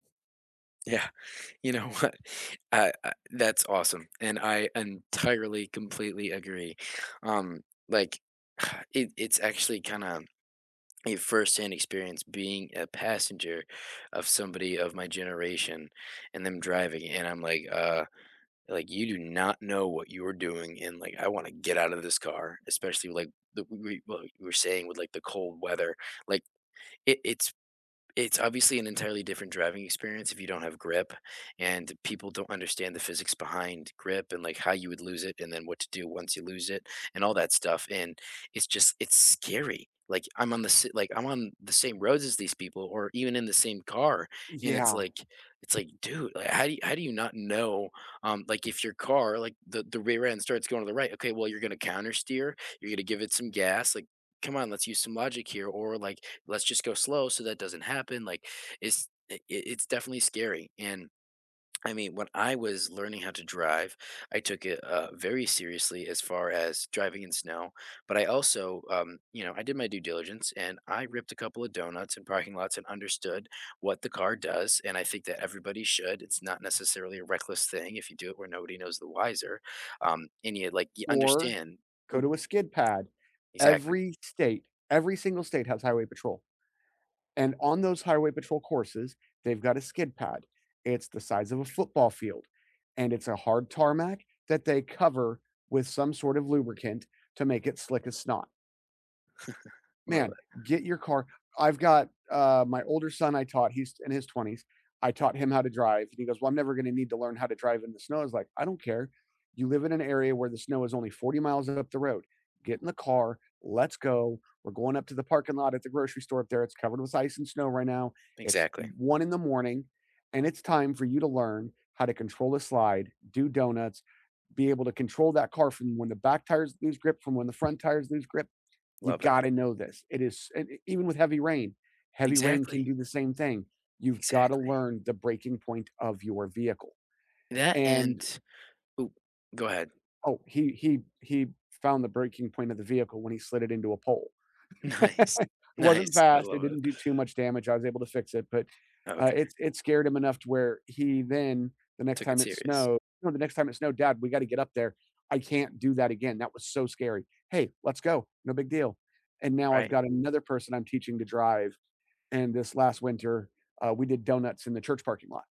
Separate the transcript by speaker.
Speaker 1: Yeah, you know what, I I that's awesome, and I entirely, completely agree, um, like it it's actually kinda a firsthand experience being a passenger of somebody of my generation and them driving, and I'm like, "Uh," like, "you do not know what you are doing," and, like, "I wanna get out of this car," especially, like, the wa wa what you were saying with, like, the cold weather, like, it it's it's obviously an entirely different driving experience if you don't have grip, and people don't understand the physics behind grip and, like, how you would lose it, and then what to do once you lose it, and all that stuff, and it's just it's scary, like, I'm on the si like, I'm on the same roads as these people or even in the same car, and it's
Speaker 2: Yeah.
Speaker 1: like it's, like, "Dude," like "how you how do you not know "um, like, if your car like, the the rear end starts going to the right ""Okay, well, you're gonna countersteer, you're gonna give it some gas," like "come on, let's use some logic here, or," like, "let's just go slow so that doesn't happen," like, it's i it's definitely scary and I mean, when I was learning how to drive, I took it, uh, very seriously as far as driving in snow, but I also, um, you know, I did my due diligence, and I ripped a couple of donuts in parking lots and understood what the car does, and I think that everybody should, it's not necessarily a reckless thing if you do it where nobody knows the wiser, um, and you, like you
Speaker 2: Or,
Speaker 1: understand.
Speaker 2: go
Speaker 1: O
Speaker 2: to a skid pad.
Speaker 1: Exactly.
Speaker 2: Every state every single state has highway patrol, and on those highway patrol courses, they've got a skid pad, it's the size of a football field, and it's a hard tarmac that they cover with some sort of lubricant to make it slick as snot.
Speaker 1: I love
Speaker 2: Man,
Speaker 1: it.
Speaker 2: get your car I've got, uh my older son, I taught he's in his 20s, I taught him how to drive, and he goes, "Well, I'm never gonna need to learn how to drive in the snow," I was like, "I don't care, you live in an area where the snow is only 40 miles up the road, get in the car, let's go, we're going up to the parking lot at the grocery store up there, it's covered with ice and snow right now. It's
Speaker 1: Exactly.
Speaker 2: 1 in the morning, and it's time for you to learn how to control the slide, do donuts, be able to control that car from when the back tires lose grip, from when the front tires lose grip. You
Speaker 1: Love it.
Speaker 2: gotta know this, it is s eh, even with heavy rain, heavy rain can
Speaker 1: Exactly.
Speaker 2: do the same thing, you've gotta
Speaker 1: Exactly.
Speaker 2: learn the breaking point of your vehicle."
Speaker 1: That
Speaker 2: And
Speaker 1: and ooh, go ahead.
Speaker 2: Oh, he he he found the breaking point of the vehicle when he slid it into a pole.
Speaker 1: Nice,
Speaker 2: It wasn't
Speaker 1: nice, I
Speaker 2: fast, it
Speaker 1: love it.
Speaker 2: didn't do too much damage, I was able to fix it, but, uh,
Speaker 1: Okay.
Speaker 2: it s it scared him enough to where he then, the next
Speaker 1: Took it
Speaker 2: time it
Speaker 1: serious.
Speaker 2: snowed no, the next time it snowed, "Dad, we gotta get up there. I can't do that again, that was so scary." "Hey, let's go, no big deal." And now I've
Speaker 1: Right.
Speaker 2: got another person I'm teaching to drive, and this last winter, uh, we did donuts in the church parking lot.